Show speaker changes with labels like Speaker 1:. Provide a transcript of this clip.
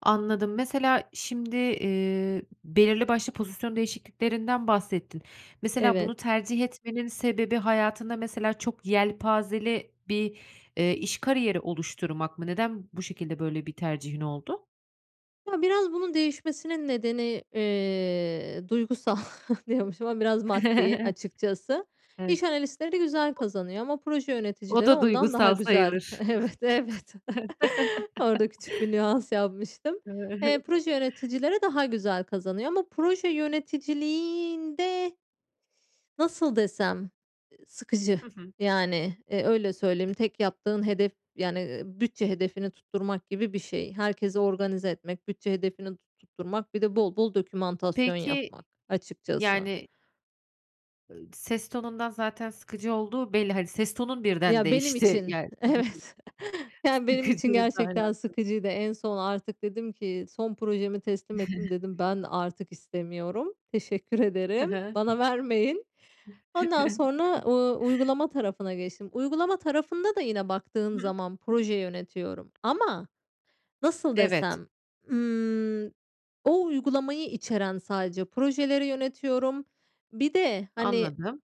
Speaker 1: Anladım. Mesela şimdi, eee, belirli başlı pozisyon değişikliklerinden bahsettin. Mesela
Speaker 2: Evet.
Speaker 1: bunu tercih etmenin sebebi hayatında mesela çok yelpazeli bir, eee, iş kariyeri oluşturmak mı? Neden bu şekilde böyle bir tercihin oldu?
Speaker 2: Ya, biraz bunun değişmesinin nedeni, eee, duygusal diyormuşum ama biraz maddi açıkçası
Speaker 1: Evet.
Speaker 2: iş analistleri güzel kazanıyor ama proje
Speaker 1: O
Speaker 2: yöneticileri
Speaker 1: da
Speaker 2: ondan daha
Speaker 1: duygusal
Speaker 2: güzel.
Speaker 1: sayılır.
Speaker 2: Evet, evet. Orada küçük bir nüans yapmıştım. Eee, proje yöneticileri daha güzel kazanıyor ama proje yöneticiliğinde, Nasıl desem, ııı, sıkıcı,
Speaker 1: Hı hı.
Speaker 2: yani, eee, öyle söyleyeyim, tek yaptığın hedef yani, eee, bütçe hedefini tutturmak gibi bir şey. Herkesi organize etmek, bütçe hedefini tut tutturmak, bir de bol bol dokümantasyon
Speaker 1: Peki,
Speaker 2: yapmak açıkçası.
Speaker 1: yani Iıı, ses tonundan zaten sıkıcı olduğu belli. Hani, ses tonun birden
Speaker 2: Ya, benim
Speaker 1: değişti.
Speaker 2: için
Speaker 1: Ya [unintelligible]
Speaker 2: evet.
Speaker 1: s
Speaker 2: Yani, benim için
Speaker 1: sıkıcı, aynen
Speaker 2: gerçekten
Speaker 1: [unintelligible]
Speaker 2: sıkıcıydı. En son artık dedim ki son projemi teslim ettim dedim, ben artık istemiyorum, teşekkür
Speaker 1: Hı
Speaker 2: ederim
Speaker 1: hı.
Speaker 2: bana vermeyin. Ondan sonra, uuu, uygulama tarafına geçtim. Uygulama tarafında da yine baktığım zaman proje yönetiyorum ama nasıl
Speaker 1: Evet.
Speaker 2: desem? Imm, o uygulamayı içeren sadece projeleri yönetiyorum. Bir de hani
Speaker 1: Anladım.